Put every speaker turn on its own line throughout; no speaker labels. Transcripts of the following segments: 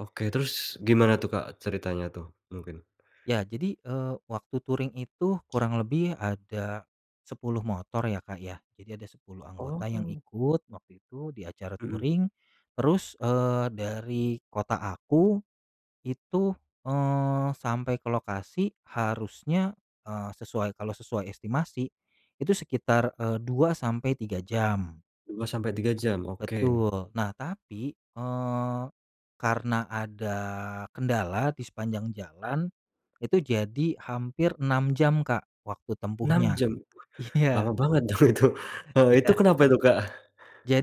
Oke, terus, gimana tuh Kak ceritanya tuh, mungkin.
Ya jadi, eee, waktu touring itu kurang lebih ada, 10 motor ya Kak ya. Jadi, ada 10 anggota yang
Oh.
ikut, waktu itu, di acara
Mhm.
touring terus, eee, dari kota aku, itu, eee, sampai ke lokasi harusnya, eee, sesuai kalau sesuai estimasi, itu sekitar, eee, 2 sampai 3 jam.
2 sampai 3 jam? Oke.
Betul. Nah tapi, eee, karena ada kendala di sepanjang jalan, itu jadi hampir 6 jam Kak, waktu
6
tempuhnya.
jam? Lama
Iya.
banget dong itu. Heeh, itu
Iya.
kenapa itu Kak?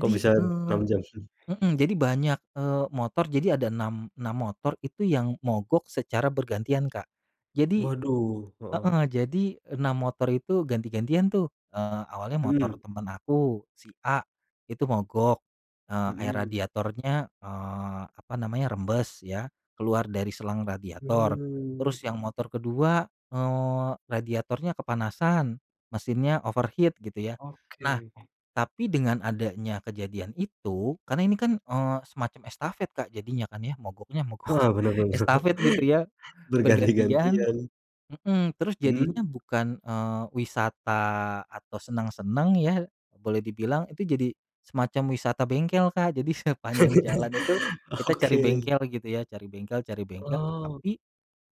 Kok bisa, 6
eee
jam?
heeh, jadi, banyak, eee, motor. Jadi ada 6, 6 motor itu yang mogok secara bergantian Kak. Jadi
Waduh, heeh.
heeh, jadi 6 motor itu ganti-gantian tuh. Eee, awalnya motor
Mhm.
teman aku, si A itu mogok. Eee, air
Mhm.
radiatornya, eee, apa namanya rembes ya, keluar dari selang radiator.
Mhm.
Terus yang motor kedua, eee, radiatornya kepanasan, mesinnya overheat gitu ya. Nah,
Oke.
tapi dengan adanya kejadian itu, karena ini kan, eee, semacam estafet Kak, jadinya kan ya, mogoknya mogok
Heeh, benar benar,
estafet gitu ya. Bergantian
berganti-gantian.
mhm, terus jadinya
Mhm.
bukan, eee, wisata, atau seneng-seneng ya, boleh dibilang. Itu jadi, semacam wisata bengkel Kak. Jadi, sepanjang jalan itu, kita cari
Oke.
bengkel gitu ya. Cari bengkel cari bengkel
Oh.
tapi,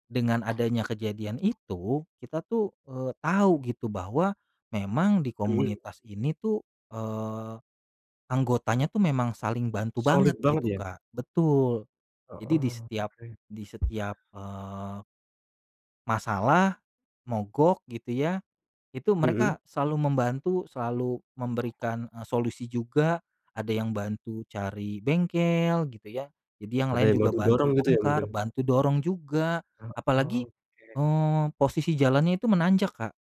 dengan adanya kejadian itu, kita tuh, eee, tahu gitu bahwa, memang di
Mhm.
komunitas ini tuh, eee, anggotanya tuh memang saling bantu banget,
Solid banget
gitu
ya.
Kak betul. Jadi di
Heeh.
setiap
Oke.
di setiap, eee masalah, mogok gitu ya. Itu
Mhm.
mereka selalu membantu, selalu memberikan, e solusi juga. Ada yang bantu cari bengkel, gitu ya, jadi yang
Ada
lain
yang
juga
bantu
bantu
dorong gitu ya,
bongkar,
mungkin?
bantu dorong juga,
Heeh,
apalagi,
oke.
eee, posisi jalannya itu menanjak Kak.